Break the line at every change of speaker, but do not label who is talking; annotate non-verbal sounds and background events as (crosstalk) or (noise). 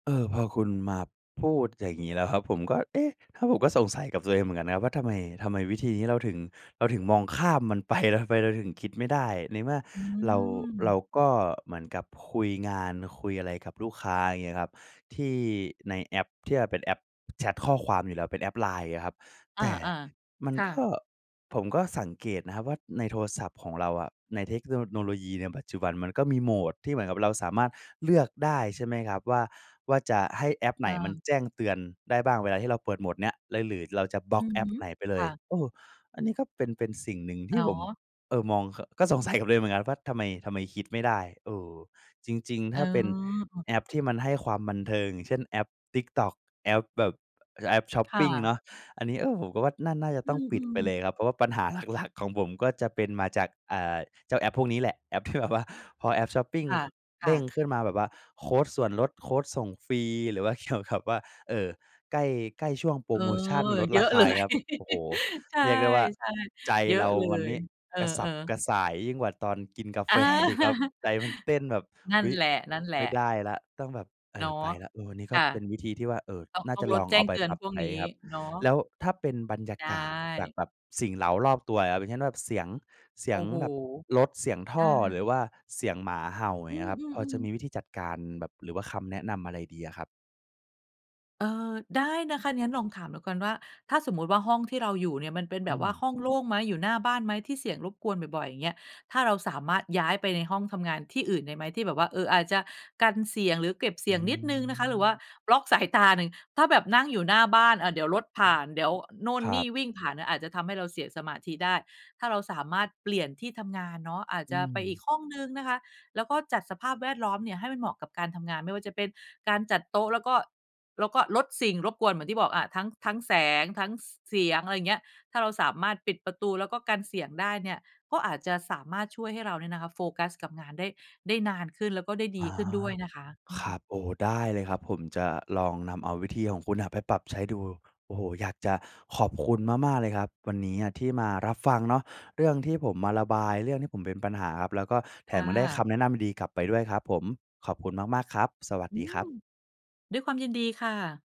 เออ พอคุณมาพูดอย่างงี้แล้วครับ ผมก็ เอ๊ะ เพราะว่าผมก็สงสัยกับตัวเองเหมือนกันนะครับว่า ทำไม ทำไมวิธีนี้เราถึง เราถึงมองข้ามมัน ไป แล้วทำไมเราถึงคิดไม่ได้ ในเมื่อ
อื
เรา เร
ม
าก็เหมือนกับคุยงานคุยอะไรกับลูกค้า เงี้ยครับ ที่ในแอป ที่มันเป็นแอปแชตข้อความอยู่แล้ว เป็นแอป LINE อะครับ
อ
แต
า
่มั
ๆ
น
ค่
ก็
ะ
ผมก็สังเกตนะครับว่า ในโทรศัพท์ของเราอะ ในเทคโน โนโลยีในปัจจุบันมันก็มี mode ที่เหมือนกับเราสามารถเลือกได้ใช่ไหมครับว่า ว่าจะให้แอปไห
อ
นมัน
า
แจ้งเตือนได้บ้างเวลาที่เราเปิด mode เนี้ยเลย หรือเราจะบล็
อื
อก
อ
แอ
ฮ
ป
ึ
ไหนไปเล
ค
ย
่ะ
เออ อันนี้ก็เป็น เป็นสิ่งหนึ่งที
อ๋
่ผม
อ
เอ่อ มอง ข ก็สงสัยกับตัวเองเหมือนกันว่า ทำไม ทำไมคิดไม่ได้ เออ จริง ๆ
เ
ถ้าเป็น
ออ
แอปที่มันให้ความบันเทิง อย่างเช่น แอป TikTok แอปแบบ แอปชอป
ค
ป
่
ิง
ะ
เนาะ อันนี้ เออ ผมก็ว่าน่า น่าจะ
อื
ต้องปิด
ม
ไปเล
ๆ
ยครับ เพราะว่าปัญหา หลัก ๆ ของผมก็จะเป็นมาจาก อ่า เจ้าแอปพวกนี้แหละ แอป ที่แบบว่า พอแอปชอปปิง
ค่ะ
ค
ค
เด
่
้ง
ะ
ขึ้นมาแบบว่าโคดส่วนลด โคดส่งฟรี หรือว่า เกี่ยวกับ ว่า เอ่อ ใกล้ ใกล้ช่วงโพร
เออ
โมชันลด
เย
ร
อ
า
ะ
ค
เ
า
ล
เงี
ย
้ยครับ โอ้โฮ
(laughs) ใช่
เรียกได้ว่า ใจ
ๆ เยอ
เร
ะ
า
เล
วันน
ย
ี้
เออ
กระสับก
ๆ
ระส่ายยิ่งกว่าตอนกินกาแฟอีกครับ
อา
ใจมันเต้นแบบ
นั่
อ
น
ุ๊ย
แหล
ไม่
ะ ๆ
ได้แล้วต้องแบบ เอ
เน
่
าะ
อ ไปแล้ว เออ นี้ก
ค
็
่ะ
เป็นวิธีที่ว่า เอ่อ
ต้อง
น่
ต
า
้อ
จ
ง
ะ
ล
ล
ด
อง
แจ
เ
้
อา
ง
ไป
เตือ
ป
น
รับ
พวก
ใช้
นี้
ครับ
เนาะ
แล้วถ้าเป็นบรรยา
ใช
กาศจาก
่
แบบสิ่งเร้ารอบตัวอะครับ อย่างเช่น แบบเสียง เสี
โอ
ย
้
ง
โฮ
แบบรถ เสียงท
อ
่อ
า
หรือว่าเสียงหมาเห่า อย
อื
่างเงี้ยครับ พอจ
ม
ะ
ๆ
มี
ๆ
วิธีจัดการแบบ หรือว่าคำแนะนำอะไรดีอะครับ?
เอ่อ ได้นะคะ งั้นลองถามแล้วกันว่า ถ้าสมมุติว่าห้องที่เราอยู่เนี่ย มันเป็น
อ
แ
ื
บบว่า
ม
ห้องโล่งไหม? อยู่หน้าบ้านไหม? ที่เสียงรบกวนบ่อย ๆ อย่างเงี้ย ถ้าเราสามารถย้ายไปในห้องทำงานที่อื่นได้ไหม? ที่แบบว่า เอ่อ อาจจะกันเสียงหรือเก็บเส
อื
ียงนิดหนึ่งนะคะ หรือว่า
ม
บล็อกสายตาหนึ่ง ถ้าแบบนั่งอยู่หน้าบ้าน อ่า เดี๋ยวรถผ
อื
่
ม
าน เดี๋ยวโน่
ค
น
ร
น
ั
ี่
บ
วิ่งผ่านเนี่ย อาจจะทำให้เราเสียสมาธิได้ ถ้าเราสามารถเปลี่ยนที่ทำงานเนาะ อาจ
อื
จะไปอีก
ม
ห้องหนึ่งนะคะ แล้วก็จัดสภาพแวดล้อมเนี่ยให้มันเหมาะกับการทำงาน ไม่ว่าจะเป็นการจัดโต๊ะ แล้วก็ แล้วก็ลดสิ่งรบกวนเหมือนที่บอกอะ ทั้ง ทั้งแสง ทั้ง ส เสียง อะไรอย่างเงี้ย ถ้าเราสามารถปิดประตูแล้วก็กันเสียงได้เนี่ย ก็อาจจะสามารถช่วยให้เราเนี่ยนะคะ โฟกัสกับงานได้ ได้นานขึ้น แล้วก็ได้ด
อ
ี
๋อ
ขึ้นด้วยนะคะ อื
คร
ม
ับ โอ้โฮ ได้เลยครับ ผมจะลองนำเอาวิธีของคุณอะไปปรับใช้ดู โอ้โฮ อยากจะขอบคุณมาก ๆ เลยครับ วันเนี้ยที่มารับฟังเนาะ เรื่องที่ผมมาระบาย เรื่องที่ผมเป็นปัญหาครับ แล้วก็แถ
ค่
มได้ค
ะ
ำแนะนำดีกลับไปด้วยครับผม ขอบคุณมาก ๆ ครับ สวัส
อื
ดีครั
ม
บ
ด้วยความยินดีค่ะ